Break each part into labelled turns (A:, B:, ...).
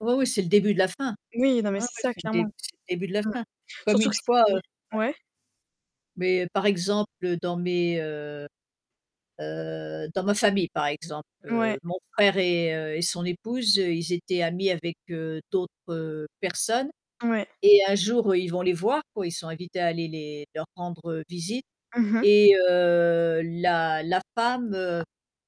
A: Oui oui, c'est le début de la fin.
B: Oui, non, mais
A: Ouais ouais,
B: c'est ça,
A: c'est le dé
B: clairement.
A: c'est le début de la
B: Mmh.
A: fin. Comme
B: Surtout
A: une
B: que si
A: fois, heu, ouais.
B: ouais?
A: Mais, par exemple dans mes, heu heu, dans ma famille par exemple,
B: Ouais.
A: heu, mon frère et heu, et son épouse, ils étaient amis avec, heu, d'autres, heu, personnes
B: Ouais.
A: et un jour ils vont les voir, quoi, ils sont invités à aller les leur rendre, heu, visite
B: Mmh mh.
A: et heu, la la femme, heu,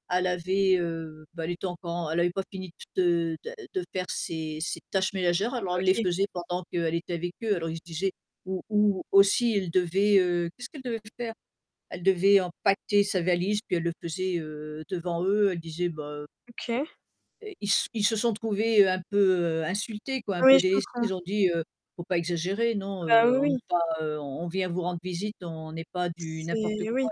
A: elle avait, heu, bah, elle était encore en elle avait pas fini de de de faire ses ses tâches ménagères, alors on les
B: OK.
A: faisait pendant qu'elle était avec eux, alors ils se disaient ou ou aussi elle devait, heu, qu'est-ce qu'elle devait faire? Elle devait empaqueter sa valise puis elle le faisait, heu, devant eux, elle disait: «Bah, heu»
B: OK.
A: Heu, ils s ils se sont trouvés un peu insultés, quoi, un
B: Oui,
A: peu
B: je
A: délestés,
B: comprends.
A: ils ont dit: «Faut pas exagérer non,
B: Bah,
A: heu,
B: oui,
A: on
B: oui.
A: n'est pas, heu, on on vient vous rendre visite, on n'est pas du n'importe
B: C'est
A: quoi,
B: oui,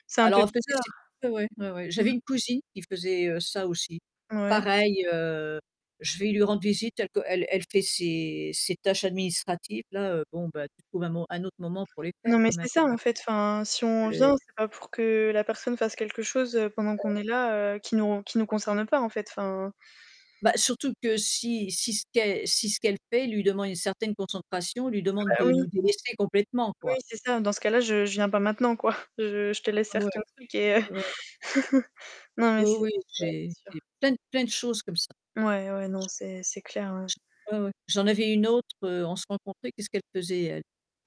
A: là».
B: c'est un
A: Alors
B: peu
A: en fait
B: bizarre.
A: c'est c'est ouais ouais, ouais ouais. J'avais
B: Mmh.
A: une cousine qui faisait, heu, ça aussi.
B: Ouais.
A: Pareil, heu, je vais lui rendre visite telle qu'elle elle fait ses ses tâches administratives là, heu, bon bah tu trouves un mo un autre moment pour les faire
B: Non, mais
A: quand même,
B: c'est ça
A: hein.
B: en fait, enfin si on vient,
A: [unintelligible]
B: c'est pas pour que la personne fasse quelque chose pendant
A: Heu
B: qu'on est là, heu, qui nous qui nous concerne pas en fait, enfin
A: Bah, surtout que si si ce qu'elle si ce qu'elle fait lui demande une certaine concentration, lui demande
B: Bah
A: de
B: oui.
A: nous délaisser complètement,
B: Oui,
A: quoi.
B: c'est ça, dans ce cas-là, je je viens pas maintenant, quoi. Je je te laisse
A: Ouais.
B: faire ton truc et, heu
A: Ouais.
B: non mais
A: Oui
B: c'est
A: oui
B: ouais,
A: j'ai
B: c'est
A: j'ai
B: sûr.
A: plein, plein de choses comme ça.
B: Ouais ouais non, c'est c'est clair, hein.
A: J j ouais, ouais, j'en avais une autre, heu, on se rencontrait qu'est-ce qu'elle faisait elle?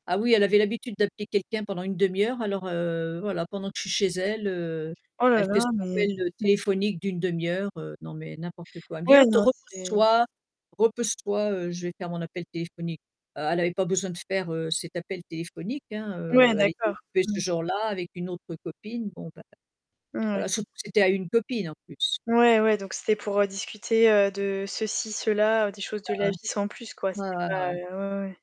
A: Ah oui elle avait l'habitude d'appeler quelqu'un pendant 1/2 heure alors, heu, voilà pendant que je suis chez elle, heu,
B: Oh là
A: elle
B: là,
A: fait son
B: mais
A: appel, heu, téléphonique d'1/2 heure, heu, non mais n'importe quoi, elle me dit:
B: Ouais,
A: «Heu, te
B: non c'est
A: repose-toi, repose-toi, je vais faire mon appel téléphonique». Heu, elle avait pas besoin de faire, heu, cet appel téléphonique, hein,
B: Ouais,
A: heu, elle était
B: d'accord.
A: occupée
B: Mmh.
A: ce jour-là avec une autre copine, bon ben,
B: Ouais.
A: voilà, surtout que c'était à une copine en plus.
B: Ouais, ouais, donc c'était pour discuter, heu, de ceci, cela, des choses de la vie sans plus, quoi.
A: Bah Ouais
B: C'était
A: ouais
B: pas,
A: ouais.
B: heu, ouais, ouais.